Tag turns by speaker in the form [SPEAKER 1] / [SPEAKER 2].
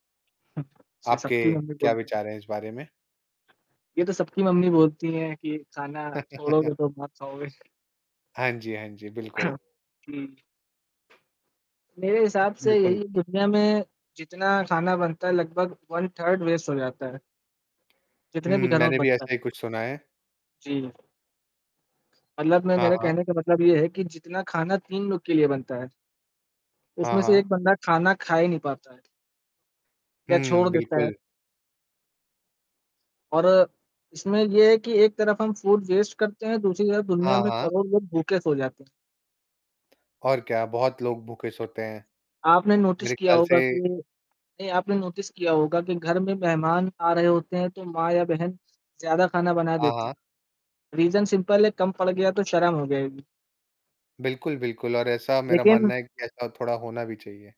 [SPEAKER 1] हुँ, से
[SPEAKER 2] आपके
[SPEAKER 1] सबकी मम्मी
[SPEAKER 2] क्या
[SPEAKER 1] बोलती हैं।
[SPEAKER 2] विचार हैं इस बारे में?
[SPEAKER 1] ये तो सबकी मम्मी बोलती हैं कि खाना छोड़ोगे तो मार खाओगे।
[SPEAKER 2] हाँ जी, हाँ जी, बिल्कुल।
[SPEAKER 1] हुँ। मेरे हिसाब से
[SPEAKER 2] बिल्कुल।
[SPEAKER 1] यही दुनिया में जितना खाना बनता है लगभग वन-थर्ड वेस्ट हो जाता है।
[SPEAKER 2] हुँ।
[SPEAKER 1] जितने भी घरों में
[SPEAKER 2] मैंने भी
[SPEAKER 1] बनता
[SPEAKER 2] ऐसा
[SPEAKER 1] है।
[SPEAKER 2] ही कुछ सुना है।
[SPEAKER 1] जी। मतलब मैं
[SPEAKER 2] हाँ,
[SPEAKER 1] मेरे
[SPEAKER 2] हाँ।
[SPEAKER 1] कहने का मतलब ये है कि जितना खाना 3 लोग के लिए बनता है।
[SPEAKER 2] हाँ,
[SPEAKER 1] उसमें से
[SPEAKER 2] हाँ।
[SPEAKER 1] एक बंदा खाना खा ही नहीं पाता है। या छोड़
[SPEAKER 2] हुँ,
[SPEAKER 1] देता है।
[SPEAKER 2] बिल्कुल।
[SPEAKER 1] और इसमें ये है कि एक तरफ हम फूड वेस्ट करते हैं। दूसरी तरफ दुनिया
[SPEAKER 2] हाँ,
[SPEAKER 1] में
[SPEAKER 2] हाँ।
[SPEAKER 1] करोड़ों लोग भूखे सो जाते हैं।
[SPEAKER 2] और क्या बहुत लोग भूखे सोते हैं।
[SPEAKER 1] आपने नोटिस
[SPEAKER 2] मेरे
[SPEAKER 1] किया
[SPEAKER 2] ख़्याल से
[SPEAKER 1] होगा कि नहीं आपने नोटिस किया होगा कि घर में मेहमान आ रहे होते हैं। तो माँ या बहन ज़्यादा खाना बना
[SPEAKER 2] हाँ,
[SPEAKER 1] देती
[SPEAKER 2] हाँ।
[SPEAKER 1] हैं रीज़न सिंपल है कम पड़ गया तो शर्म हो जाएगी।
[SPEAKER 2] बिल्कुल, बिल्कुल और ऐसा मेरा
[SPEAKER 1] लेकिन।
[SPEAKER 2] मानना है कि ऐसा थोड़ा होना भी चाहिए।